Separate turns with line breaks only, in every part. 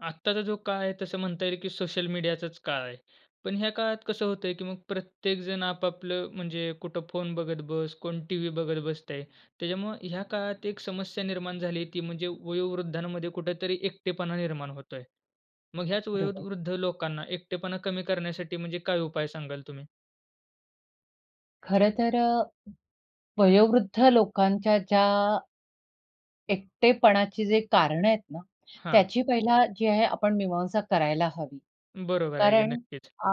आत्ताचा जो काळ आहे तसं म्हणता येईल, की सोशल मीडियाचाच काळ आहे. पण ह्या काळात कसं होतंय, की मग प्रत्येक जण आपआपलं म्हणजे कुठं फोन बघत बस. कोण टीव्ही बघत बसतंय. त्याच्यामुळं ह्या काळात एक समस्या निर्माण झाली ती म्हणजे वयोवृद्धांमध्ये कुठेतरी एकटेपणा निर्माण होतोय. मग ह्याच
बरोबर.
वयोवृद्ध लोकांना एकटेपणा कमी करण्यासाठी म्हणजे काय उपाय सांगाल तुम्ही?
खरं तर अ, वयोवृद्ध लोकांच्या ज्या एकटेपणाची जे कारणं आहेत ना,
हां.
त्याची पहिला जी आहे आपण मीमांसा करायला हवी.
बरोबर आहे. की
कारण
नक्कीच.
अ,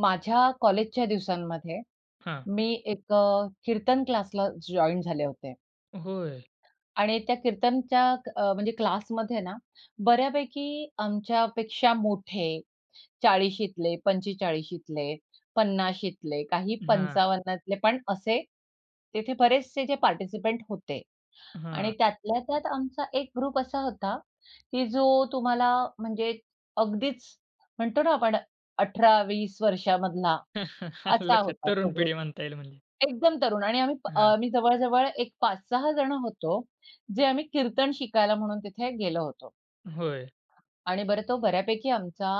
माझ्या कॉलेजच्या दिवसांमध्ये
हां.
मी एक अ, कीर्तन क्लासला जॉइन झाले होते.
होय.
आणि त्या कीर्तनच्या अ, म्हणजे क्लासमध्येना बऱ्यापैकी आमच्या पेक्षा मोठे 40शीतले, 45शीतले, 50शीतले, काही
हां.
55तले पण असे, तिथे बरेचसे जे पार्टिसिपंट होते आणि
हां.
त्यातल्या त्यात आमचा एक ग्रुप असा होता, की जो तुम्हाला म्हणजे अगदीच म्हणतो ना आपण 18-20 वर्षामधला
आलं
असा
लक्षात.
होता तो
तरुण
ग्रुप.
पिढी म्हणता येईल म्हणजे.
एकदम तरुण आणि आम्ही अ,
हां.
जवळ, जवळ एक 5-6 जण होतो जे आम्ही कीर्तन शिकायला म्हणून तिथे गेलो होतो.
होय.
आणि बरं तो बऱ्यापैकी आमचा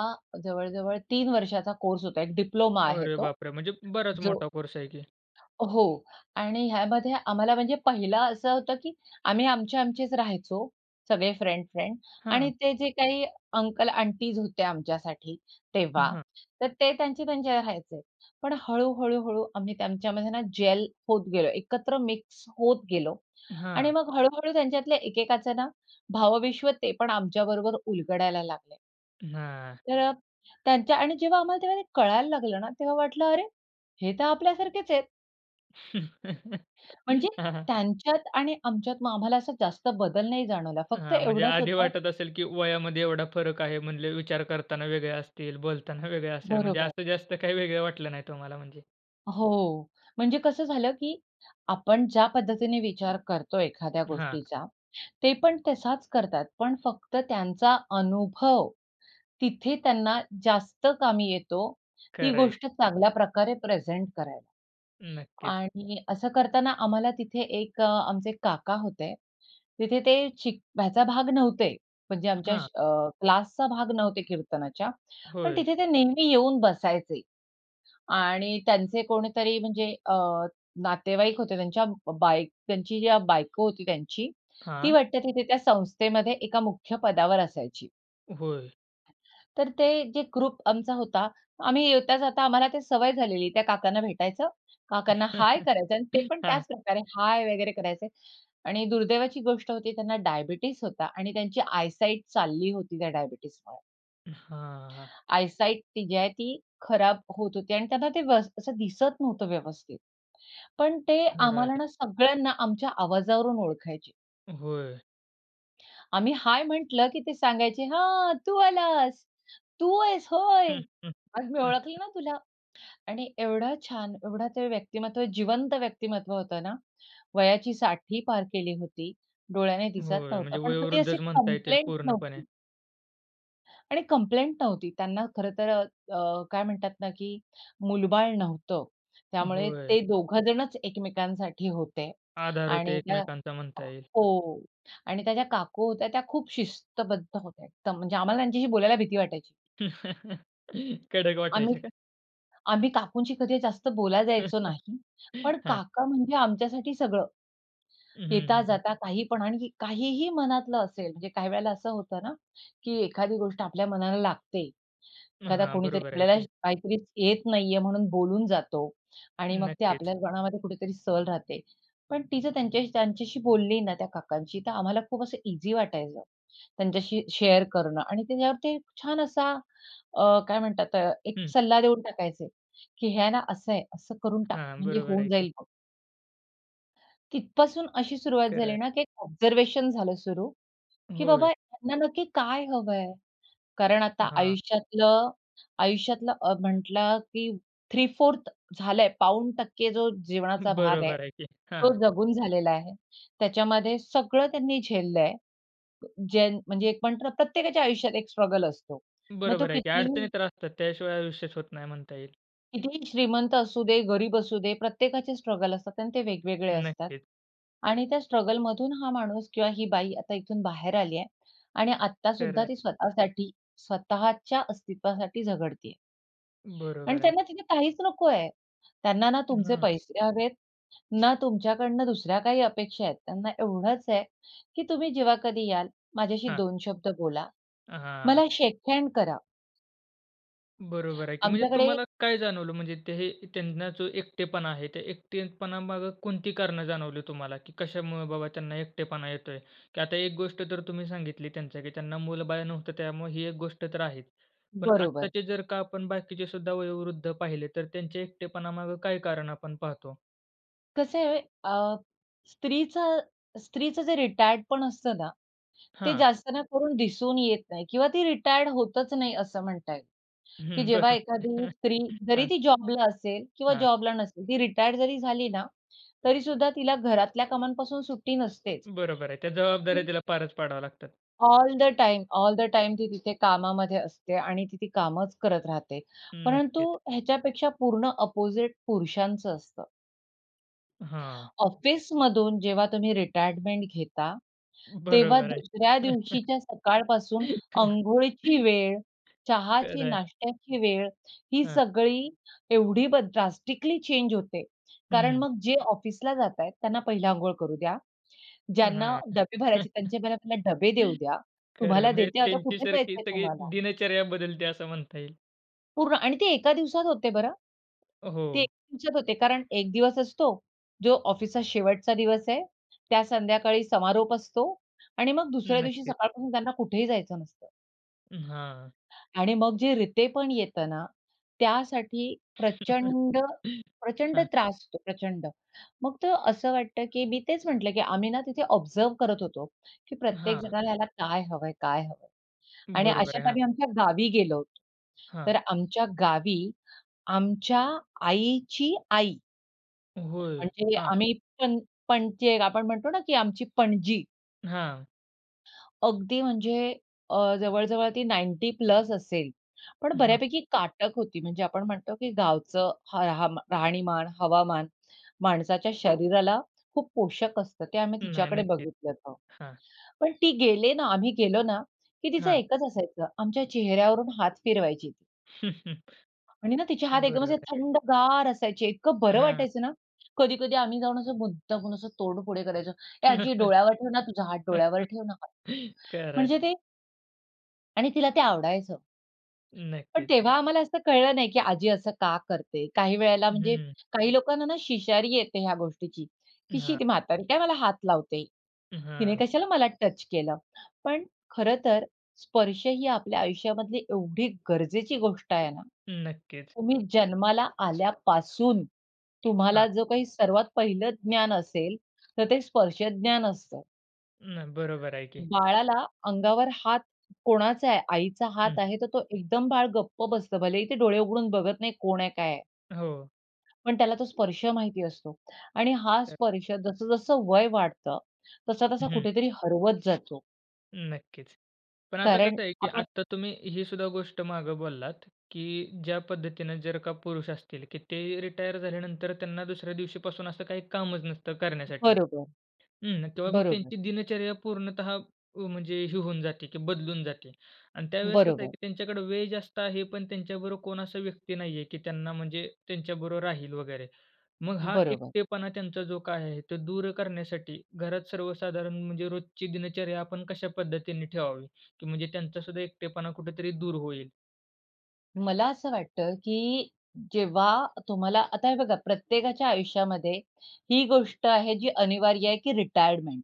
जवळ, जवळ 3 वर्षाचा कोर्स होता. एक डिप्लोमा आहे
अरे
तो
बापरे! म्हणजे बराच
जो.
मोठा कोर्स आहे की.
हो आणि ह्यामध्ये आम्हाला म्हणजे पहिलं असं होतं, की आम्ही आमचे आमचेच राहायचो. सगळे फ्रेंड, फ्रेंड आणि
हां.
ते जे काही अंकल आंटीज होते आमच्यासाठी तेव्हा.
हां.
तर ते त्यांचे त्यांच्या राहायचे. पण हळू, हळू, हळू आम्ही त्यांच्यामध्ये ना जेल होत गेलो. एकत्र मिक्स होत गेलो आणि
हां.
मग हळू, हळू त्यांच्यातले एकेकाच ना भावविश्व ते पण आमच्याबरोबर उलगडायला लागले.
हां.
तर त्यांच्या आणि जेव्हा आम्हाला तेव्हा ते कळायला लागलं ना, तेव्हा वाटलं, "अरे! हे तर आपल्यासारखेच आहेत." म्हणजे
हां.
त्यांच्यात आणि आमच्यात मग आम्हाला असा जास्त बदल नाही जाणवला. फक्त
हां, म्हणजे
एवढाच
आधी
होता
वाटत असेल की वयामध्ये एवढा फरक आहे. म्हणले विचार करताना वेगळे असतील, बोलताना वेगळे असेल. म्हणजे
बरोबर.
असं जास्त काही वेगळं वाटले नाही तुम्हाला म्हणजे.
हो, म्हणजे कसं झालं, की आपण ज्या पद्धतीने विचार करतो एखाद्या
हां.
गोष्टीचा, ते पण तसाच करतात पण फक्त त्यांचा अनुभव, तिथे त्यांना जास्त कामी येतो ती
खरं आहे.
गोष्ट चांगल्या प्रकारे प्रेझेंट करायला
नक्कीच.
आणि असं करताना आम्हाला तिथे एक आमचे काका होते, तिथे ते शिक ह्याचा भाग नव्हते, म्हणजे आमच्या
हां.
अ, क्लासचा भाग नव्हते कीर्तनाच्या. पण
होय.
तिथे ते नेहमी येऊन बसायचे आणि त्यांचे कोणीतरी म्हणजे अ, नातेवाईक होते त्यांच्या ब बाय त्यांची ज्या बायको होती त्यांची, ती
हां.
वाटते तिथे त्या संस्थेमध्ये एका मुख्य पदावर असायची.
होय.
तर ते जे ग्रुप आमचा होता आम्ही येता जाता आम्हाला ती सवय झालेली. त्या काकांना भेटायचं काकांना हाय करायचं आणि ते पण
हां.
त्याच प्रकारे, हाय! वगैरे करायचे. आणि दुर्दैवाची गोष्ट होती त्यांना डायबिटीज होता आणि त्यांची आय साइट चालली होती त्या डायबिटीजमुळे.
हां.
आयसाइट ती जी आहे, ती खराब होत होती आणि त्यांना ते वस असं दिसत नव्हतं व्यवस्थित. पण ते
खरं
आम्हाला
आहे.
ना सगळ्यांना आमच्या आवाजावरून ओळखायचे.
होय.
आम्ही हाय म्हटलं की ते सांगायचे, "हां, तू आलास. तू आहेस होय. अरे, मी ओळखलं ना तुला. आणि एवढा छान, एवढं ते व्यक्तिमत्व, जिवंत व्यक्तिमत्व होतं ना. वयाची 60ही पार केली होती, डोळ्याने दिसत
होय,
नव्हतं,
म्हणजे
पण कधी अशी
वयोवृद्धच म्हणता येतील
कंप्लेंट
पूर्णपणे.
नव्हती. आणि कंप्लेंट नव्हती. त्यांना खरंतर अ अ काय म्हणतात ना, की मूलबाळ नव्हतं. त्यामुळे
होय.
ते 2घं जणच एकमेकांसाठी होते
आधार होते
आणि त्या
एकमेकांचा म्हणता येईल.
...हो आणि त्या ज्या काकू होत्या, त्या खूप शिस्तबद्ध होत्या एकदम, म्हणजे आम्हाला त्यांच्याशी बोलायला भीती वाटायची.
कडक वाटायच्या
आम्ही
का?
आम्ही काकूंशी कधी जास्त बोलायला जायचो नाही, पण
हां.
काका म्हणजे आमच्यासाठी सगळं.
हं, हं, हं, हं.
येता-जाता काही पण आणि काहीही मनातलं असेल म्हणजे काही वेळेला असं होतं ना, की एखादी गोष्ट आपल्या मनाला लागते.
मग
एखादा
हां,
कोणीतरी
बरोबर आहे
आपल्याला
ते.
काहीतरी येत नाही आहे म्हणून बोलून जातो आणि मग ते
नक्कीच.
आपल्या मनामध्ये कुठेतरी सल राहते. पण ती जर त्यांच्या त्यांच्याशी बोलली ना, त्या काकांशी, तर आम्हाला खूप असं ईझी वाटायचं. त्यांच्याशी शेअर करणं. आणि त्याच्यावर ते छान असा अ काय म्हणतात? अ, एक
हं.
सल्ला देऊन टाकायचे, की "हे आहे ना, असं आहे, असं करून टाक.
हां,
म्हणजे
बरोबर
होऊन
आहे ते.
जाईल बघ." तिथपासून अशी सुरुवात
खरं
झाली
आहे.
ना, की एक ऑब्झर्वेशन झालं सुरु, की
होय.
बाबा, यांना नक्की काय हवंय? कारण आता
हां.
आयुष्यातलं आयुष्यातलं अ, म्हटलं की 3/4 झालंय पाऊण टक्के जो जीवनाचा भाग आहे
बरोबर आहे की,
तो
हां.
जगून झालेला आहे. त्याच्यामध्ये सगळं त्यांनी झेललंय. ज्यां म्हणजे एक म्हणतो ना, प्रत्येकाच्या आयुष्यात एक स्ट्रगल असतो. मग तो
बरोबर आहे की.
कितीही
अडचणी तर असतात, त्याशिवाय आयुष्यच होत नाही म्हणता येईल.
कितीही श्रीमंत असू दे, गरीब असू दे. प्रत्येकाचे स्ट्रगल असतात आणि ते वेगवेगळे असतात
नक्कीच.
आणि त्या स्ट्रगलमधून हा माणूस किंवा ही बाई, आता इथून बाहेर आली आहे आणि आत्ता
खरं
सुद्धा
आहे.
ती स्वतःसाठी स्वतःच्या अस्तित्वासाठी झगडतेय. आणि
बरोबर आहे.
त्यांना तिथे काहीच नकोय. त्यांना ना तुमचे
हं.
पैसे हवेत, ना तुमच्याकडनं दुसऱ्या काही अपेक्षा आहेत. त्यांना एवढंच आहे की तुम्ही जेव्हा कधी याल माझ्याशी
हां.
2 शब्द बोला,
हां.
मला शेक हँड करा.
बरोबर आहे की. म्हणजे
आमच्याकडे
तुम्हाला काय जाणवलं? म्हणजे ते हे त्यांना जो एकटेपणा आहे, ते एकटेपणामागे कोणती कारणं जाणवली तुम्हाला? की कशामुळे बाबा त्यांना एकटेपणा येतोय? की आता एक गोष्ट तर तुम्ही सांगितली त्यांच्या, की त्यांना मुल-बाळ नव्हतं त्यामुळे ही एक गोष्ट तर आहे. पण
बरोबर.
आत्ताचे जर का आपण बाकीचे सुद्धा वयोवृद्ध पाहिले तर त्यांच्या एकटेपणामागे काय कारण आपण पाहतो?
कसं आहे अ, स्त्रीच स्त्रीचं जे रिटायर्ड पण असतं ना, ते
हां.
जास्त ना करून दिसून येत नाही किंवा ती रिटायर्ड होतच नाही असं म्हणता येईल. की
हं.
जेव्हा
बरं.
एखादी स्त्री जरी
हां.
ती जॉबला असेल किंवा
हां.
जॉबला नसेल ती रिटायर्ड जरी झाली ना, तरी सुद्धा तिला घरातल्या कामांपासून सुट्टी नसतेच.
बरोबर आहे. त्या जबाबदाऱ्या तिला पारच पाडाव्या लागतात.
All the time, all the time ती तिथे कामामध्ये असते आणि ती ते कामच करत राहते. परंतु
नक्कीच.
ह्याच्यापेक्षा पूर्ण अपोझिट पुरुषांचं असतं.
हां.
ऑफिसमधून जेव्हा तुम्ही रिटायरमेंट घेता, तेव्हा
बरोबर आहे.
दुसऱ्या दिवशीच्या सकाळपासून अंघोळीची वेळ, चहाची
खरंय.
नाश्त्याची वेळ ही
हं.
सगळी एवढी बद ड्रास्टिकली चेंज होते. कारण
हं.
मग जे ऑफिसला जातायत त्यांना पहिले अंघोळ करू द्या.
अ,
ज्यांना
हां.
डबे भरायचे त्यांचे मला पहिले डबे देऊ द्या.
खरंय.
"तुम्हाला
म्हणजे
देते आता
त्यांची
कुठे
सारखी
जायचंय
सगळी
तुम्हाला?"
दिनचर्या बदलते असं म्हणता येईल.
पूर्ण आणि ते एका दिवसात होते बरं. ते एक
हो.
दिवसात होते कारण एक दिवस असतो जो ऑफिसचा शेवटचा दिवस आहे, त्या संध्याकाळी समारोप असतो आणि मग दुसऱ्या दिवशी
नक्कीच.
सकाळपासून त्यांना कुठेही जायचं नसतं.
उम्म, हां.
आणि मग जे रितेपण येतं ना, त्यासाठी प्रचंड-प्रचंड
हां.
त्रास होतो, प्रचंड. मग तो असं वाटतं की मी तेच म्हटलं की आम्ही ना तिथे ऑब्झर्व्ह करत होतो, की
हां.
प्रत्येकजणाला ना काय हवंय? काय हवंय? आणि
बरोबर आहे,
अशात
हां.
आम्ही आमच्या गावी गेलो होतो. तर
हां.
आमच्या गावी, आमच्या आईची आई,
होय,
म्हणजे
हां.
आम्ही पण पणजी एक आपण म्हणतो ना की आमची पणजी.
हां.
अगदी म्हणजे अ, जवळ-जवळ ती 90 प्लस असेल, पण
हां.
बऱ्यापैकी काटक होती. म्हणजे आपण म्हणतो, की गावचं ह हम राहणीमान, हवामान, माणसाच्या शरीराला खूप पोषक असतं. ते आम्ही
नाही
तिच्याकडे
नक्कीच,
बघितलं होतं.
हां.
पण ती गेले ना, आम्ही गेलो ना, की तिचं
हां.
एकच असायचं. आमच्या चेहऱ्यावरून हात फिरवायची. आणि ना तिचे हात एकदम
बरोबर
असे
आहे.
थंडगार असायचे. इतकं बरं
हां.
वाटायचं ना. कधी-कधी आम्ही जाऊन असं मुद्दामून असं तोंड पुढे करायचो, "ए आजी, डोळ्यावर ठेव ना तुझा हात, डोळ्यावर ठेव ना हात."
खरंय.
म्हणजे ते आणि तिला ते आवडायचं. पण
नक्कीच.
तेव्हा आम्हाला असं कळलं नाही की आजी असं का करते? काही वेळेला
हं,
म्हणजे
हं.
काही लोकांना ना शिशारी येते ह्या गोष्टीची की, "शी
हां.
ती म्हातारी काय मला हात लावते?
उम्म,
तिने
हां.
कशाला मला टच केलं?" पण खरंतर स्पर्श ही आपल्या आयुष्यामधली एवढी गरजेची गोष्ट आहे ना,
नक्कीच.
तुम्ही जन्माला आल्यापासून तुम्हाला
हां.
जो काही सर्वात पहिलं ज्ञान असेल, तर ते स्पर्श ज्ञान असतं.
मग बरोबर आहे की.
बाळाला अंगावर हात कोणाचा आहे? आईचा
हं.
हात आहे, तर तो एकदम बाळ गप्प बसतं. भलेही ते डोळे उघडून बघत नाही. कोण आहे? काय आहे?
हो.
पण त्याला तो स्पर्श माहिती असतो आणि हा
[unintelligible]
स्पर्श जसं-जसं वय वाढतं, तसा-तसा
हं.
कुठेतरी हरवत जातो.
नक्कीच. पण आता
कारण
कसं आहे की
आपण
आता तुम्ही ही सुद्धा गोष्ट मागे बोललात, की ज्या पद्धतीने जर का पुरुष असतील की ते रिटायर झाल्यानंतर त्यांना दुसऱ्या दिवशीपासून असं काही कामच नसतं करण्यासाठी
बरोबर,
हं. तेव्हा मग
बरोबर.
त्यांची दिनचर्या पूर्णतः व, म्हणजे हे होऊन जाते की बदलून जाते. आणि त्यावेळेस कसं आहे
बरोबर.
की त्यांच्याकडे वेळ जास्त आहे पण त्यांच्याबरोबर कोण असा व्यक्ती नाहीये, की त्यांना म्हणजे त्यांच्याबरोबर राहील वगैरे. मग हा
बरोबर.
एकटेपणा त्यांचा जो काय आहे, तो दूर करण्यासाठी घरात सर्वसाधारण म्हणजे रोजची दिनचर्या आपण कशा पद्धतीने ठेवावी? की म्हणजे त्यांचा सुद्धा एकटेपणा कुठेतरी दूर होईल.
मला असं वाटतं की जेव्हा तुम्हाला आता हे बघा प्रत्येकाच्या आयुष्यामध्ये ही गोष्ट आहे जी अनिवार्य आहे की रिटायरमेंट.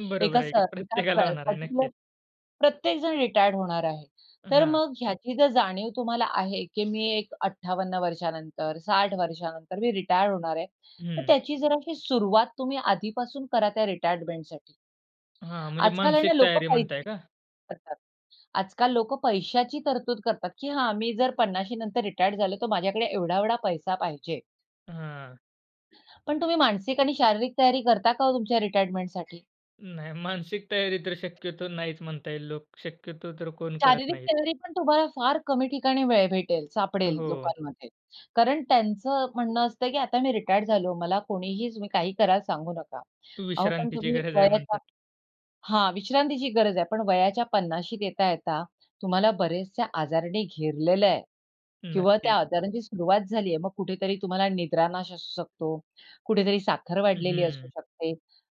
बरोबर
एका स
आहे की.
एका प्र
प्रत्येकाला होणार आहे.
पर्टिक्युलर
नक्कीच.
प्रत्येक जण रिटायर होणार आहे. तर
हां.
मग ह्याची जर जाणीव तुम्हाला आहे की मी एक 58 वर्षानंतर 60 वर्षानंतर मी रिटायर होणार आहे, तर
हं.
त्याची जराशी सुरुवात तुम्ही आधीपासून करा त्या रिटायरमेंटसाठी.
हां. म्हणजे
आजकाल आहे
मानसिक
ना लोक
तयारी म्हणताय
[unintelligible]
का?
करतात, आजकाल लोकं पैशाची तरतूद करतात की हां. मी जर 50शी नंतर रिटायर झालो तर माझ्याकडे एवढा-एवढा पैसा पाहिजे.
हां.
पण तुम्ही मानसिक आणि शारीरिक तयारी करता का हो तुमच्या रिटायरमेंटसाठी?
नाही मानसिक तयारी तर शक्यतो नाहीच म्हणता येईल. लोक शक्यतो तर कोण करत
शारीरिक
नाहीत.
तयारीपण तुम्हाला फार कमी ठिकाणी वेळ भेटेल, सापडेल
हो.
लोकांमध्ये. कारण त्यांचं म्हणणं असतं, की आता मी रिटायर्ड झालो, मला कोणीही तुम्ही काही कराल सांगू नका. अहो, पण
विश्रांतीची
तुम्ही
गरज आहे
वयाच्या
म्हणतात.
हां, विश्रांतीची गरज आहे पण वयाच्या 50शीत येता-येता तुम्हाला बरेचसे आजारांनी घेरलेलं आहे. किंवा त्या
नक्कीच.
आजारांची सुरुवात झाली आहे. मग कुठेतरी तुम्हाला निद्रानाश असू शकतो, कुठेतरी साखर वाढलेली असू
हं.
शकते,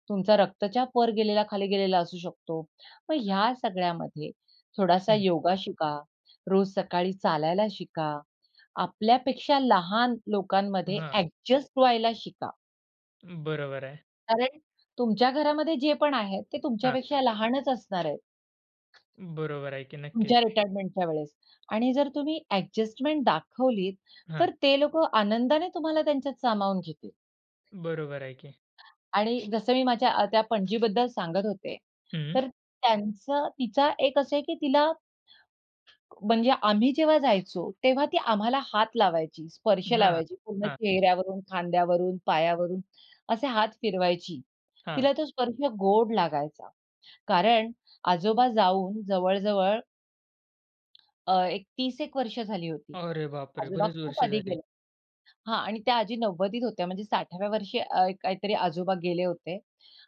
तुमचा रक्तचाप वर गेलेला, खाली गेलेला असू शकतो. मग ह्या सगळ्यामध्ये थोडासा
हं.
योगा शिका, रोज सकाळी चालायला शिका. आपल्यापेक्षा लहान लोकांमध्ये
हां.
अ‍ॅडजस्ट व्हायला शिका.
बरोबर आहे.
कारण तुमच्या घरामध्ये जेपण आहेत ते
हां.
तुमच्यापेक्षा लहानच असणार आहेत.
बरोबर आहे की, नक्कीच.
तुमच्या रिटायरमेंटच्या वेळेस आणि जर तुम्ही एडजस्टमेंट दाखवलीत तर
हां.
ते लोकं आनंदाने तुम्हाला त्यांच्यात सामावून घेतील.
बरोबर आहे की.
आणि जसं मी माझ्या त्या पणजीबद्दल सांगत होते,
हं.
तर त्यांचं तिचा एक असं आहे की तिला म्हणजे आम्ही जेव्हा जायचो, तेव्हा ती आम्हाला हात लावायची, स्पर्श
हां,
लावायची पूर्ण
हां.
चेहऱ्यावरून, खांद्यावरून, पायावरून असे हात फिरवायची.
हां.
तिला तो स्पर्श गोड लागायचा. कारण आजोबा जाऊन जवळ-जवळ अ, एक 30-1 वर्ष झाली होती.
अरे बापरे!
आजोबा
बरीच
खूप
वर्ष
आधी
झाली.
गेले हां आणि त्या आजी 90s होत्या, म्हणजे 60व्या वर्षी अ, काहीतरी आजोबा गेले होते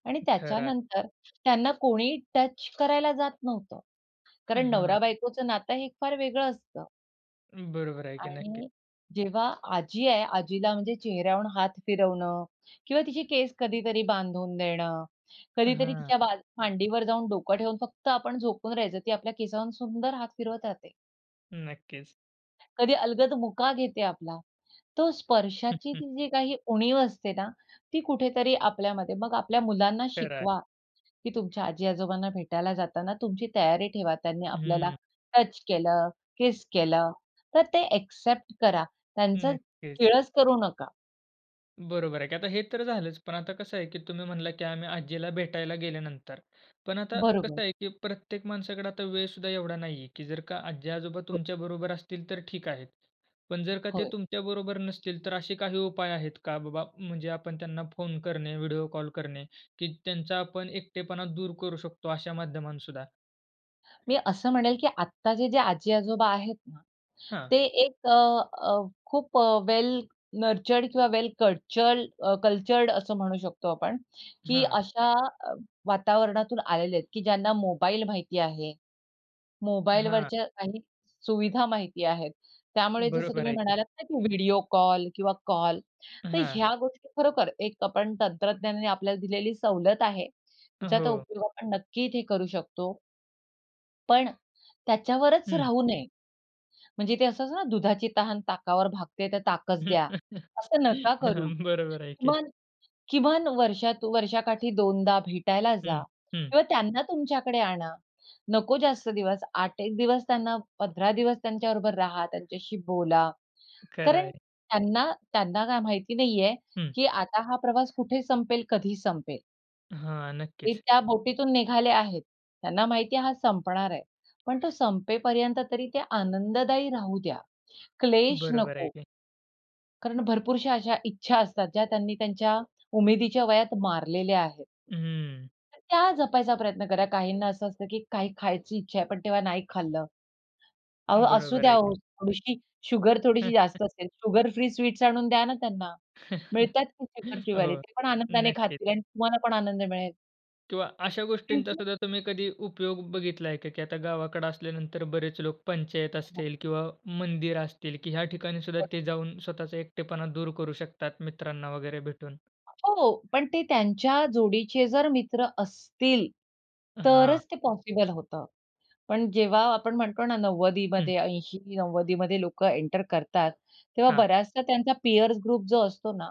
आणि
खरं आहे.
त्याच्यानंतर त्यांना कोणीही टच करायला जात नव्हतं.
अ,
कारण
हां.
नवरा-बायकोचं नातं हे फार वेगळं असतं.
बरोबर आहे की नक्की.
आणि जेव्हा आजी आहे, आजीला म्हणजे चेहऱ्यावरून हात फिरवणं किंवा तिची केस कधीतरी बांधून देणं, कधीतरी
हां.
तिच्या बाज मांडीवर जाऊन डोकं ठेवून फक्त आपण झोपून राहायचं. ती आपल्या केसावरून सुंदर हात फिरवत राहते.
नक्कीच.
कधी अलगद मुका घेते आपला. तो स्पर्शाची जी काही उणीव असते ना, ती कुठेतरी आपल्यामध्ये मग आपल्या मुलांना
खरं आहे.
शिकवा, की तुमच्या आजी आजोबांना भेटायला जाताना तुमची तयारी ठेवा. त्यांनी आपल्याला
हं.
टच केलं, किस केलं तर ते एक्सेप्ट करा. त्यांचं
नक्कीच.
किळस करू नका.
बरोबर आहे की. आता हे तर झालंच, पण आता कसं आहे की तुम्ही म्हणलात की आम्ही आज्जीला भेटायला गेल्यानंतर. पण आता कसं
बरोबर.
आहे की प्रत्येक माणसाकडे आता वेळसुद्धा एवढा नाहीये, की जर का आज्जी-आजोबा
हो.
तुमच्याबरोबर असतील तर ठीक आहे. पण जर का ते
होय.
तुमच्याबरोबर नसतील तर असे काही उपाय आहेत का, बाबा म्हणजे आपण त्यांना फोन करणे, व्हिडिओ कॉल करणे की त्यांचा आपण एकटेपणा दूर करू शकतो अशा माध्यमातसुद्धा?
मी असं म्हणेल, की आत्ताचे जे आजी-आजोबा आहेत ना,
हां.
ते एक अ, अ, "खूप अ, वेल नर्चर्ड किंवा वेल कल्चर्ड कल्चर्ड असं म्हणू शकतो आपण." की अ,
हां.
अशा वातावरणातून आलेले आहेत, की ज्यांना मोबाईल माहिती आहे.
हां.
मोबाईलवरच्या काही सुविधा माहिती आहेत. त्यामुळे जसं
बरोबर
तुम्ही
आहे की.
म्हणालात ना की व्हिडिओ कॉल किंवा कॉल तर
हां.
ह्या गोष्टी खरोखर एक आपण तंत्रज्ञानाने आपल्याला दिलेली सवलत आहे.
अ,
तिचा तो
हो.
उपयोग आपण नक्की इथे करू शकतो. पण त्याच्यावरच
हं.
राहू नये. म्हणजे ते असं असतं ना दुधाची तहान ताकावर भागते तर ताकच द्या. असं नका करू,
बरोबर आहे की.
"किमान-किमान वर्षात, वर्षाकाठी 2 भेटायला जा
हं, हं.
किंवा त्यांना तुमच्याकडे आणा. नको जास्त दिवस 8, 1 दिवस त्यांना 15 दिवस त्यांच्याबरोबर राहा, त्यांच्याशी बोला.
खरं
कारण
आहे.
त्यांना त्यांना काय माहिती नाहीये,
हं.
की आता हा प्रवास कुठे संपेल, कधी संपेल."
हां,
ते
नक्कीच.
त्या बोटीतून निघाले आहेत. त्यांना माहिती आहे, हा संपणार आहे. पण तो संपेपर्यंत तरी ते आनंददायी राहू द्या. क्लेश
बरोबर आहे
नको.
की.
कारण भरपूरशा अशा इच्छा असतात ज्या त्यांनी त्यांच्या उमेदीच्या वयात मारलेल्या आहेत.
हं.
तर त्या जपायचा प्रयत्न करा. काहींना असं असतं, की काही खायची इच्छा आहे, पण तेव्हा नाही खाल्लं. अहो असू
बरोबर
द्या
आहे की.
हो थोडीशी शुगर, थोडीशी जास्त असेल, शुगर फ्री स्वीट्स आणून द्या ना त्यांना. मिळतात कुठेपण शुगर फ्रीवाले.
हो,
ते पण आनंदाने
नक्कीच.
खातील आणि तुम्हाला पण आनंद मिळेल.
किंवा अशा
त्यांची.
गोष्टींचासुद्धा तुम्ही कधी उपयोग बघितलाय का, की आता गावाकडे असल्यानंतर बरेच लोक पंचायत
हो.
असतील किंवा मंदिर असतील, की ह्या ठिकाणीसुद्धा ते
बरोबर.
जाऊन स्वतःचा एकटेपणा दूर करू शकतात, मित्रांना वगैरे भेटून.
हो, पण ते त्यांच्या जोडीचे जर मित्र असतील,
हां.
तरच ते पॉसिबल होतं. पण जेव्हा आपण म्हणतो ना,
हं.
90दीमध्ये 80-90दीमध्ये लोकं एंटर करतात, तेव्हा
हां.
बऱ्याचसा त्यांचा पीअर्स ग्रुप जो असतो ना,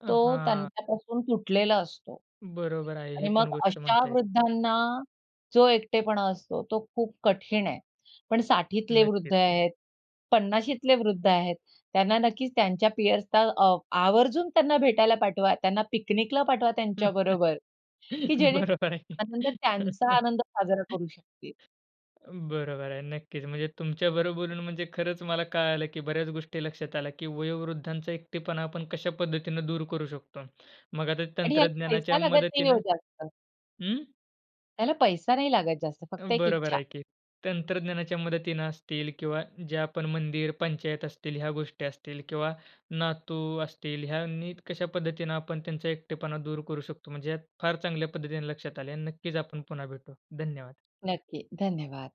अ,
तो
हां.
त्यांच्यापासून तुटलेला असतो.
बरोबर आहे
आणि
ही
मग
पण गोष्ट
अशा
म्हणताय.
वृद्धांना जो एकटेपणा असतो तो खूप कठीण आहे. पण 60ठीतले
नक्कीच.
वृद्ध आहेत, 50शीतले वृद्ध आहेत, त्यांना नक्कीच त्यांच्या पिअर्सला अ, आवर्जून त्यांना भेटायला पाठवा, त्यांना पिकनिकला पाठवा त्यांच्याबरोबर, की
बरोबर आहे.
जेणेकरून आनंद त्यांचा आनंद साजरा करू शकतील.
बरोबर आहे, नक्कीच म्हणजे तुमच्याबरोबर बोलून म्हणजे खरंच मला कळालं, की बऱ्याच गोष्टी लक्षात आल्या की वयोवृद्धांचा एकटेपणा आपण कशा पद्धतीने दूर करू शकतो. मग आता
आणि ह्याला पैसा
तंत्रज्ञानाच्या
लागत नाही हो
मदतीनं
जास्त.
हं.
त्याला पैसा नाही लागत जास्त फक्त
उम्म,
एक
बरोबर
इच्छा.
आहे, की तंत्रज्ञानाच्या मदतीने असतील किंवा जे आपण मंदिर, पंचायत असतील ह्या गोष्टी असतील किंवा नातू असतील ह्या नीट कशा पद्धतीने आपण त्यांचा एकटेपणा दूर करू शकतो. म्हणजे यात फार चांगल्या पद्धतीने लक्षात आल्या. नक्कीच आपण पुन्हा भेटू, धन्यवाद.
नक्की धन्यवाद.